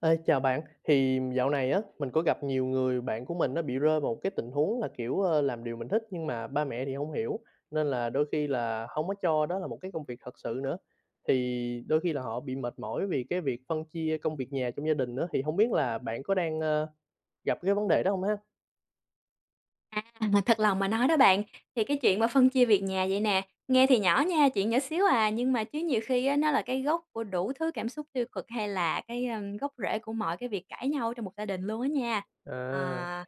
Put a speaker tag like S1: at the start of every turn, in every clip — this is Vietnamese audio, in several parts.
S1: Ê, chào bạn, thì dạo này á mình có gặp nhiều người bạn của mình á, bị rơi vào một cái tình huống là, kiểu, ờ, làm điều mình thích, nhưng mà ba mẹ thì hông hiểu, nên là đôi khi là, hông có cho đó là một cái công việc thật sự nữa, thì đôi khi là họ bị mệt mỏi vì cái việc phân chia công việc nhà trong gia đình á. Thì hông biết là bạn có đang, ơ, gặp cái vấn đề đó hông ha?
S2: À! mà thật lòng mà nói đó bạn, thì cái chuyện mà phân chia việc nhà vậy nè, nghe thì nhỏ nha, chuyện nhỏ xíu à, nhưng mà chứ nhiều khi á, nó là cái gốc của đủ thứ cảm xúc tiêu cực, hay là cái, a, gốc rễ của mọi cái việc cãi nhau ở trong một gia đình luôn á nha.
S1: À!
S2: À.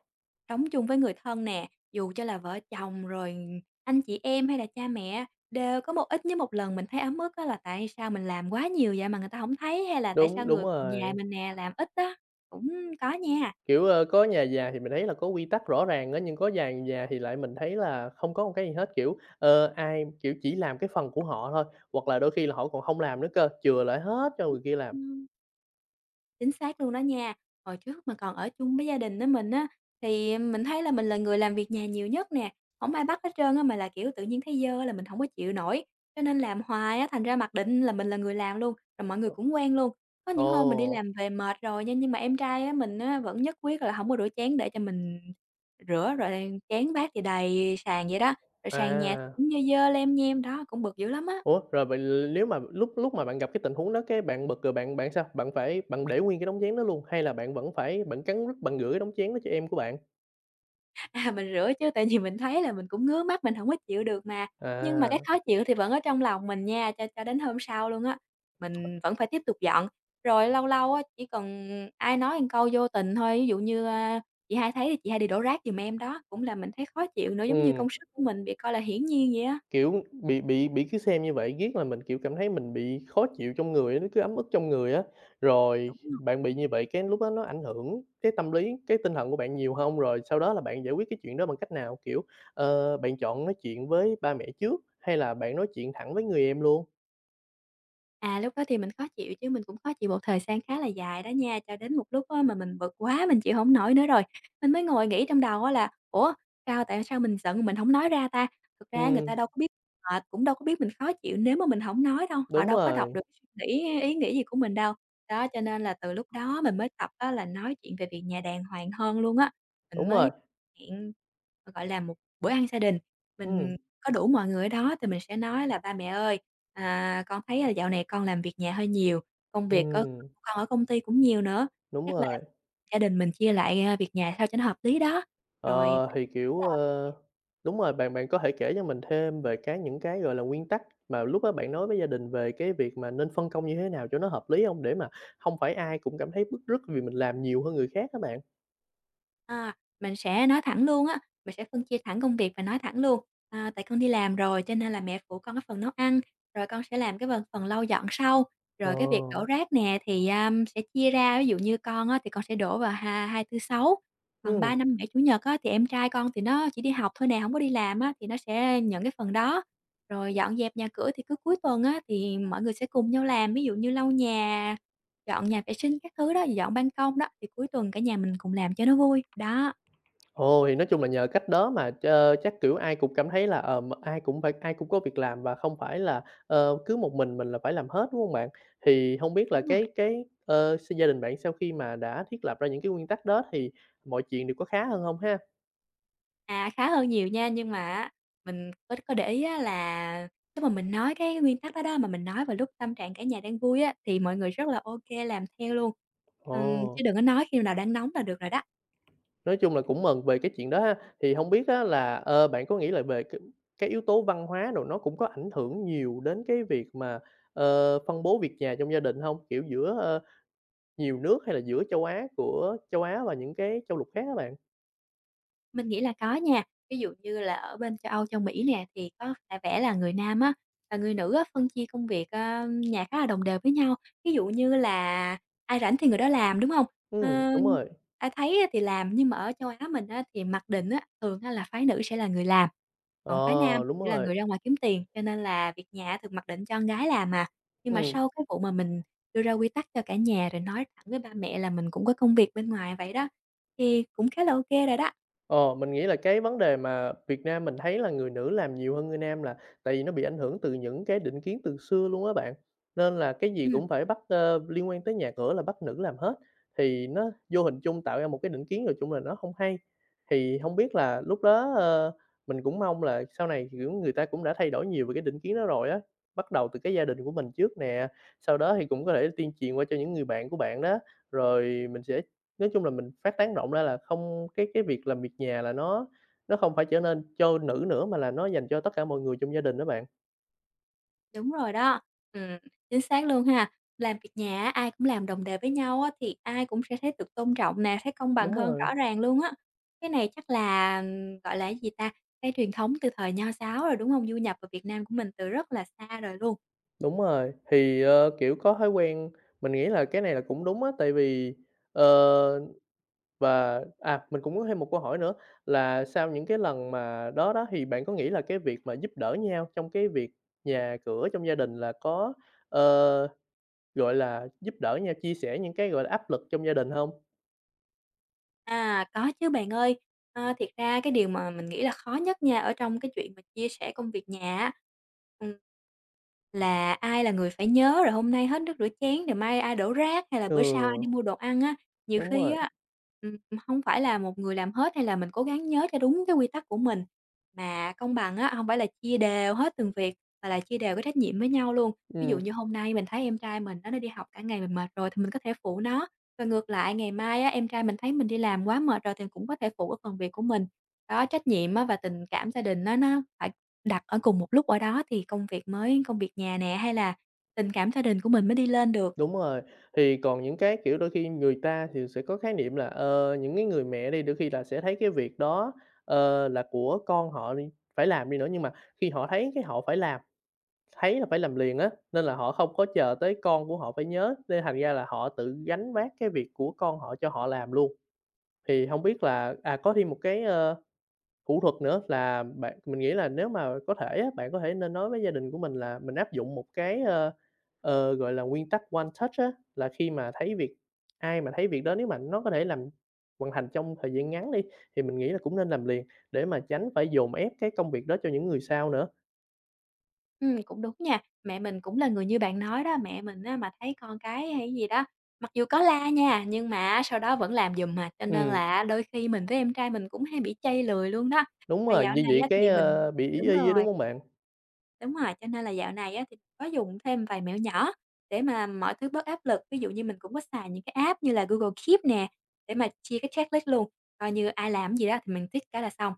S2: Sống chung với người thân nè, dù cho là vợ chồng, rồi ừ, anh chị em, hay là cha mẹ đều có một ít nhất một lần mình thấy ấm ức á, là tại sao mình làm quá nhiều vậy mà người ta hổng thấy, hay là tại sao
S1: Đúng, đúng
S2: người nhà
S1: rồi.
S2: mình nè làm ít á, cũng có nha.
S1: Kiểu, ơ, có nhà già, thì, mình thấy là có quy tắc rõ ràng á, nhưng có vài nhà thì lại mình thấy là không có một cái gì hết, kiểu, ờ, ai, kiểu, chỉ làm cái phần của họ thôi, hoặc là đôi khi là họ còn hông làm nữa cơ, chừa lại hết cho người kia làm.
S2: Chính xác luôn đó nha, hồi trước mà còn ở chung với gia đình n mình á thì mình thấy là mình là người làm việc nhà nhiều nhất nè, hổng ai bắt hết trơn á, mà là, kiểu, tự nhiên thấy dơ á là mình hổng có chịu nổi. Cho nên làm hoài á, thành ra mặc định là mình là người làm luôn, rồi mọi người cũng quen luôn. Có
S1: [unintelligible]
S2: những hôm mình đi
S1: Ồ.
S2: làm về mệt rồi nha, nhưng mà em trai á mình á vẫn nhất quyết là hổng có rửa chén để cho mình rửa, rồi đang chén bát thì đầy sàn vậy đó, rồi sàn nhà
S1: À.
S2: cũng dơ dơ lem nhem. Đó, cũng bực dữ lắm á.
S1: Ủa, rồi vậy l lếu mà lúc lúc mà bạn gặp cái tình huống đó, cái bạn bực rồi bạn bạn sao? Bạn phải bạn để nguyên cái đống chén đó luôn? Hay là bạn vẫn phải bạn cắn rứt bạn rửa cái đống chén đó cho em của bạn?
S2: À, mình rửa chứ, tại vì mình thấy là mình cũng ngứa mắt, mình hổng có chịu được mà. Nhưng mà cái
S1: À.
S2: khó chịu thì vẫn ở trong lòng mình nha, cho cho đến hôm sau luôn á, mình vẫn phải tiếp tục dọn. Rồi lâu lâu á, chỉ cần ai nói một câu vô tình thôi, ví dụ như, a: "Chị hai thấy chị hai đi đổ rác giùm em", đó, cũng làm mình thấy khó chịu nữa, giống như
S1: Ừm.
S2: công sức của mình bị coi là hiển nhiên vậy đó.
S1: Kiểu, bị bị bị cứ xem như vậy, riết làm mình, kiểu, cảm thấy mình bị khó chịu trong người á, nó cứ ấm ức trong người á. Rồi
S2: Đúng rồi.
S1: bạn bị như vậy cái lúc đó nó ảnh hưởng cái tâm lý, cái tinh thần của bạn nhiều hông? Rồi sau đó là bạn giải quyết cái chuyện đó bằng cách nào? Kiểu, ờ, bạn chọn nói chuyện với ba mẹ trước, hay là bạn nói chuyện thẳng với người em luôn?
S2: À, lúc đó thì mình khó chịu chứ mình cũng khó chịu một thời gian khá là dài đó nha, cho đến một lúc á mà mình bực quá mình chịu hổng nổi nữa rồi, mình mới ngồi nghĩ trong đầu á là, ủa, sao tại sao mình giận mình hổng nói ra ta. Thực ra á người ta
S1: Ừm.
S2: đâu có biết, họ cũng đâu có biết mình khó chịu nếu mà mình hổng nói đâu, họ
S1: Đúng
S2: đâu có đọc
S1: rồi.
S2: được suy nghĩ hay ý nghĩ gì của mình đâu. Đó, cho nên là từ lúc đó mình mới tập á là nói chuyện về việc nhà đàng hoàng hơn luôn á, mình
S1: Đúng rồi.
S2: mới hẹn, g gọi là, một bữa ăn gia đình,
S1: Ừm.
S2: mình có đủ mọi người ở đó thì mình sẽ nói là "Ba mẹ ơi, à, con thấy, ơ, dạo này con làm việc nhà hơi nhiều, công việc c của
S1: Ừm.
S2: con ở công ty cũng nhiều nữa,
S1: Đúng
S2: chắc là
S1: rồi.
S2: gia đình mình chia lại, à, việc nhà sao cho nó hợp lý đó." Rồi mình
S1: Ờ, thì,
S2: nói
S1: kiểu,
S2: là "Mẹ"
S1: ơ, đúng rồi, bạn bạn có thể kể cho mình thêm về cái những cái, gọi là, nguyên tắc mà lúc đó bạn nói với gia đình về cái việc mà nên phân công như thế nào cho nó hợp lý hông? Để mà không phải ai cũng cảm thấy bứt rứt vì mình làm nhiều hơn người khác á bạn?
S2: À, mình sẽ nói thẳng luôn á, mình sẽ phân chia thẳng công việc và nói thẳng luôn, à, tại con đi làm rồi cho nên là mẹ phụ con cái phần nấu ăn, rồi con sẽ làm cái phần phần lau dọn sau,
S1: Ờ.
S2: rồi cái việc đổ rác nè thì, a, sẽ chia ra, ví dụ như con á thì con sẽ đổ vào ha Hai, Tư, Sáu, còn
S1: Ừm.
S2: Ba, Năm, Bảy, Chủ nhật á thì em trai con thì nó chỉ đi học thôi nè, hổng có đi làm á thì nó sẽ nhận cái phần đó, rồi dọn dẹp nhà cửa thì cứ cuối tuần á thì mọi người sẽ cùng nhau làm ví dụ như lau nhà, dọn nhà vệ sinh các thứ đó, thì dọn ban công đó thì cuối tuần cả nhà mình cùng làm cho nó vui, đó.
S1: Ồ, thì nói chung là nhờ cách đó mà ch chắc, kiểu, ai cũng cảm thấy là, ờm, ai cũng phải ai cũng có việc làm và không phải là, ờ, cứ một mình mình là phải làm hết, đúng hông bạn? Thì hông biết là
S2: Đúng rồi.
S1: cái cái, ờ, s gia đình bạn sau khi mà đã thiết lập ra những cái nguyên tắc đó thì mọi chuyện đều có khá hơn hông ha?
S2: À, khá hơn nhiều nha, nhưng mà á, mình có có để ý á, là, lúc mà mình nói cái nguyên tắc đó đó, mà mình nói vào lúc tâm trạng cả nhà đang vui á, thì mọi người rất là ô kê làm theo luôn, ừm, chứ
S1: Ồ!
S2: đừng có nói khi nào đang nóng là được rồi đó.
S1: Nói chung là cũng mừng về cái chuyện đó ha, thì hông biết á là, ơ, bạn có nghĩ là về cái cái yếu tố văn hóa đồ nó cũng có ảnh hưởng nhiều đến cái việc mà, ờ, phân bố việc nhà trong gia đình hông? Kiểu giữa, ơ, nhiều nước, hay là giữa châu Á của châu Á và những cái châu lục khác á bạn?
S2: Mình nghĩ là có nha. Ví dụ như là ở bên châu Âu, Châu Mỹ nè, thì, có v vẻ là người nam á, và người nữ á, phân chia công việc, a, nhà khá là đồng đều với nhau, ví dụ như là ai rảnh thì người đó làm, đúng hông?
S1: Ừm,
S2: Ơ.
S1: đúng rồi.
S2: Ai thấy á thì làm, nhưng mà ở châu Á mình á, thì mặc định á, thường á, là phái nữ sẽ là người làm, còn phái nam
S1: Ờ! Đúng
S2: là
S1: rồi.
S2: người ra ngoài kiếm tiền, cho nên là việc nhà thường mặc định cho con gái làm à. Nhưng mà
S1: Ừm.
S2: sau cái vụ mà mình đưa ra quy tắc cho cả nhà rồi nói thẳng với ba mẹ là mình cũng có công việc bên ngoài vậy đó, thì cũng khá là ô kê rồi đó.
S1: Ờ, mình nghĩ là cái vấn đề mà Việt Nam mình thấy là, người nữ làm nhiều hơn người nam là, tại vì nó bị ảnh hưởng từ những cái định kiến từ xưa luôn á bạn. Nên là cái gì
S2: Ừm.
S1: cũng phải bắt, ơ, liên quan tới nhà cửa là bắt nữ làm hết, thì nó vô hình chung tạo ra một cái định kiến nói chung là nó không hay. Thì hông biết là lúc đó, ơ, mình cũng mong là sau này, kiểu, người ta cũng đã thay đổi nhiều về cái định kiến đó rồi á, bắt đầu từ cái gia đình của mình trước nè, sau đó thì cũng có thể tuyên truyền qua cho những người bạn của bạn đó, rồi mình sẽ nói chung là mình phát tán rộng ra là không cái cái việc làm việc nhà là nó nó không phải trở nên cho nữ nữa mà là nó dành cho tất cả mọi người trong gia đình đó bạn.
S2: Đúng rồi đó, ừm, chính xác luôn ha. Làm việc nhà á, ai cũng làm đồng đề với nhau á thì ai cũng sẽ thấy được tôn trọng nè, thấy công bằng
S1: Đúng
S2: hơn
S1: rồi.
S2: rõ ràng luôn á. Cái này chắc là, gọi là, cái gì ta, cái truyền thống từ thời nho giáo rồi, đúng hông? Du nhập ở Việt Nam của mình từ rất là xa đời luôn.
S1: Đúng rồi, thì, ơ, kiểu, có thói quen. Mình nghĩ là cái này là cũng đúng á, tại vì ờ, và, à, mình cũng muốn thêm một câu hỏi nữa là sau những cái lần mà đó đó, thì bạn có nghĩ là cái việc mà giúp đỡ nhau trong cái việc nhà cửa trong gia đình là có, ờ, gọi là, giúp đỡ nhau chia sẻ những cái, gọi là, áp lực trong gia đình hông?
S2: À, có chứ bạn ơi. Ờ, thiệt ra cái điều mà mình nghĩ là khó nhất nha ở trong cái chuyện mà chia sẻ công việc nhà á, ừm, là ai là người phải nhớ rồi hôm nay hết nước rửa chén rồi mai ai đổ rác, hay là bữa sau ai
S1: Ừ.
S2: đi mua đồ ăn á. Nhiều
S1: Đúng
S2: khi
S1: rồi.
S2: á, ừm, hông phải là một người làm hết hay là mình cố gắng nhớ cho đúng cái quy tắc của mình, mà công bằng á hông phải là chia đều hết từng việc mà là chia đều cái trách nhiệm với nhau luôn. Ví dụ
S1: Ừm.
S2: như hôm nay mình thấy em trai mình nó nó đi học cả ngày mình mệt rồi thì mình có thể phụ nó, và ngược lại ngày mai á em trai mình thấy mình đi làm quá mệt rồi thì cũng có thể phụ cái phần việc của mình. Đó, trách nhiệm á và tình cảm gia đình á nó phải đặt ở cùng một lúc ở đó thì công việc mới công việc nhà nè hay là tình cảm gia đình của mình mới đi lên được.
S1: Đúng rồi, thì còn những cái, kiểu, đôi khi người ta thì sẽ có khái niệm là, ờ, những cái người mẹ đi đôi khi là sẽ thấy cái việc đó, ờ, là của con họ đì phải làm đi nữa, nhưng mà khi họ thấy cái họ phải làm, thấy là phải làm liền á, nên là họ hông có chờ tới con của họ phải nhớ, nên thành ra là họ tự gánh vác cái việc của con họ cho họ làm luôn. Thì hông biết là à, có thêm một cái, ơ, thủ thuật nữa là bạn mình nghĩ là nếu mà có thể á, bạn có thể nên nói với gia đình của mình là mình áp dụng một cái, ơ, ờ, gọi là, nguyên tắc One Touch á, là khi mà thấy việc, ai mà thấy việc đó nếu mà nó có thể làm hoàn thành trong thời gian ngắn đi, thì mình nghĩ là cũng nên làm liền để mà tránh phải dồn ép cái công việc đó cho những người sau nữa.
S2: Ừm, cũng đúng nha, mẹ mình cũng là người như bạn nói đó, mẹ mình á, mà thấy con cái hay cái gì đó, mặc dù có la nha, nhưng mà á, sau đó vẫn làm giùm à. Cho nên
S1: Ừm.
S2: là á, đôi khi mình với em trai mình cũng hay bị trây lười luôn đó.
S1: Đúng
S2: Và
S1: rồi,
S2: dạo
S1: như
S2: này
S1: vậy
S2: á
S1: cái,
S2: thì mình
S1: ơ, bị ỷ
S2: đúng
S1: y á, đúng
S2: rồi.
S1: hông bạn?
S2: Đúng rồi, cho nên là dạo này á, thì có dùng thêm vài mẹo nhỏ, để mà mọi thứ bớt áp lực. Ví dụ như mình cũng có xài những cái app như là Google Keep nè, để mà chia cái checklist luôn, coi như ai làm cái gì đó thì mình tick cái là xong.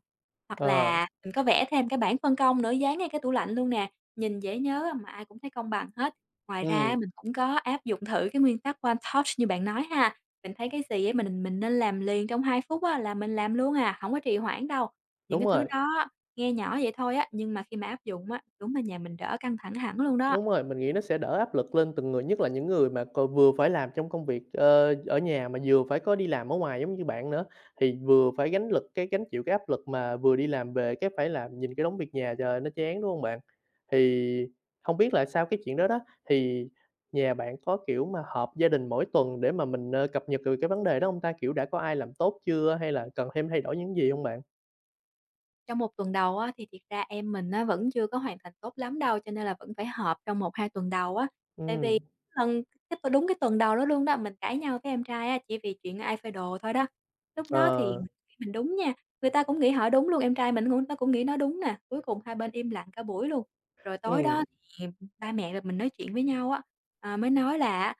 S2: Hoặc
S1: Ờ.
S2: là mình có vẽ thêm cái bảng phân công nữa dán ngay cái tủ lạnh luôn nè, nhìn dễ nhớ, mà ai cũng thấy công bằng hết. Ngoài ra á,
S1: Ừm.
S2: mình cũng có áp dụng thử cái nguyên tắc One Touch như bạn nói ha, mình thấy cái gì á, mình mình nên làm liền trong 2 phút á, là mình làm luôn à, hổng có trì hoãn đâu. Những
S1: Đúng
S2: cái thứ
S1: rồi.
S2: đó, nghe nhỏ vậy thôi á, nhưng mà khi mà áp dụng á, đúng là nhà mình đỡ căng thẳng hẳn luôn đó.
S1: Đúng rồi, mình nghĩ nó sẽ đỡ áp lực lên từng người, nhất là những người mà cò vừa phải làm trong công việc, ờ, ở nhà mà vừa phải có đi làm ở ngoài giống như bạn nữa, thì vừa phải gánh lực, cái gánh chịu cái áp lực mà vừa đi làm về cái phải làm nhìn cái đống việc nhà, trời ơi, nó chán, đúng hông bạn? Thì, hông biết là sau cái chuyện đó đó, thì, nhà bạn có, kiểu, mà họp gia đình mỗi tuần, để mà mình, ờ, cập nhật, ừ, cái vấn đề đó hông ta? Kiểu đã có ai làm tốt chưa, hay là cần thêm thay đổi những gì hông bạn?
S2: Trong 1 tuần đầu á, thì thiệt ra em mình á, vẫn chưa có hoàn thành tốt lắm đâu, cho nên là vẫn phải họp trong 1, 2 tuần đầu á. Tại
S1: Ừm.
S2: vì lần [unintelligible] đúng, cái tuần đầu đó luôn đó, mình cãi nhau với em trai á, chỉ vì chuyện ai phơi đồ thôi đó. Lúc đó thì
S1: Ờ.
S2: [unintelligible] mình đúng nha, người ta cũng nghĩ họ đúng luôn, em trai mình cũng nó cũng nghĩ nó đúng nè, cuối cùng hai bên im lặng cả buổi luôn. Rồi tối đó
S1: Ừm.
S2: thì ba mẹ và mình nói chuyện với nhau á, ờ, mới nói là á,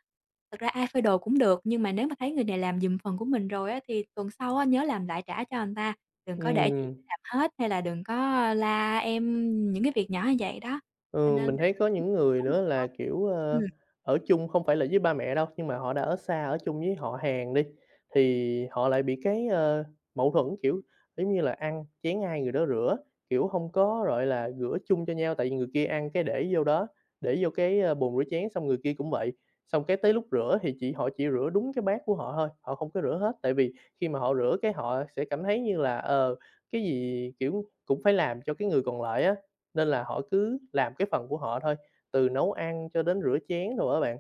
S2: thật ra ai phơi đồ cũng được, nhưng mà nếu mà thấy người này làm giùm phần của mình rồi á, thì tuần sau á, nhớ làm lại trả cho ta, đừng có để chị
S1: Ừm.
S2: phải làm hết hay là đừng có la em những cái việc nhỏ vậy đó, cho
S1: Ừm,
S2: nên
S1: mình
S2: là
S1: thấy có những người nữa là,
S2: [unintelligible]
S1: kiểu,
S2: ừm.
S1: ơ, ở chung không phải là với ba mẹ đâu, nhưng mà họ đã ở xa, ở chung với họ hàng đi, thì họ lại bị cái, ơ, mẫu thuẫn, kiểu, kiểu như là, ăn chén ai người đó rửa, kiểu, hông có, gọi là, rửa chung cho nhau. Tại vì người kia ăn cái để vô đó, để vô cái bồn rửa chén, xong người kia cũng vậy. Xong cái tới lúc rửa thì chỉ họ chỉ rửa đúng cái bát của họ thôi, họ không có rửa hết, tại vì khi mà họ rửa cái họ sẽ cảm thấy như là, ờ, cái gì, kiểu, cũng phải làm cho cái người còn lại á, nên là họ cứ làm cái phần của họ thôi, từ nấu ăn cho đến rửa chén đồ á bạn.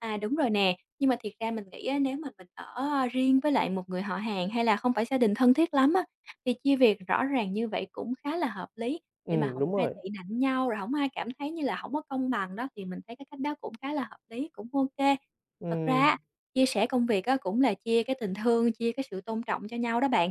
S2: À, đúng rồi nè, nhưng mà thiệt ra mình nghĩ á, nếu mà mình ở riêng với lại một người họ hàng hay là không phải gia đình thân thiết lắm á, việc chia việc rõ ràng như vậy cũng khá là hợp lý, để mà
S1: Ừm,
S2: hổng có
S1: đúng
S2: ai
S1: rồi.
S2: tị nạnh nhau rồi hổng có ai cảm thấy như là hổng có công bằng đó, thì mình thấy cái cách đó cũng khá là hợp lý, cũng ô kê. Thật ra
S1: Ừm.
S2: á, chia sẻ công việc á, cũng là chia cái tình thương, chia cái sự tôn trọng cho nhau đó bạn,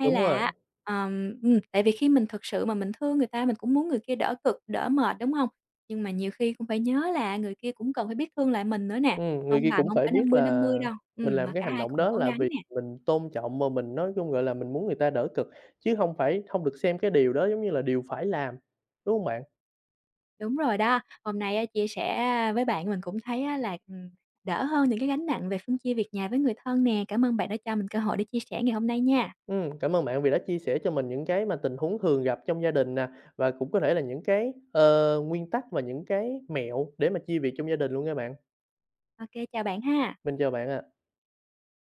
S2: hay
S1: Đúng
S2: là
S1: rồi.
S2: á, ờm, ừm, tại vì khi mình thực sự mà mình thương người ta mình cũng muốn người kia đỡ cực, đỡ mệt, đúng hông? Nhưng mà nhiều khi cũng phải nhớ là người kia cũng cần phải biết thương lại mình nữa nè,
S1: Ừm, người
S2: công
S1: kia
S2: bằng
S1: cũng
S2: hổng
S1: phải
S2: phải năm
S1: biết
S2: mươi năm
S1: là,
S2: mươi đâu,
S1: mình
S2: ừm,
S1: làm
S2: mà
S1: cái
S2: cả
S1: hành
S2: hai
S1: động
S2: cùng
S1: đó
S2: cố
S1: là
S2: gắng
S1: vì
S2: nè.
S1: mình tôn trọng mà mình nói chung, gọi là, mình muốn người ta đỡ cựcm chứ hông phải không được xem cái điều đó, giống như là, điều phải làm, đúng hông bạn?
S2: Đúng rồi đó, hôm nay á, chia sẻ với bạn mình cũng thấy á, là, ừm, đỡ hơn những cái gánh nặng về phân chia việc nhà với người thân nè, cảm ơn bạn đã cho mình cơ hội để chia sẻ ngày hôm nay nha.
S1: Ừm, cảm ơn bạn vì đã chia sẻ cho mình những cái mà tình huống thường gặp trong gia đình nè, và cũng có thể là những cái, ờ, nguyên tắc và những cái mẹo để mà chia việc trong gia đình luôn nha bạn.
S2: Ô kê, chào bạn ha.
S1: Mình chào bạn ạ.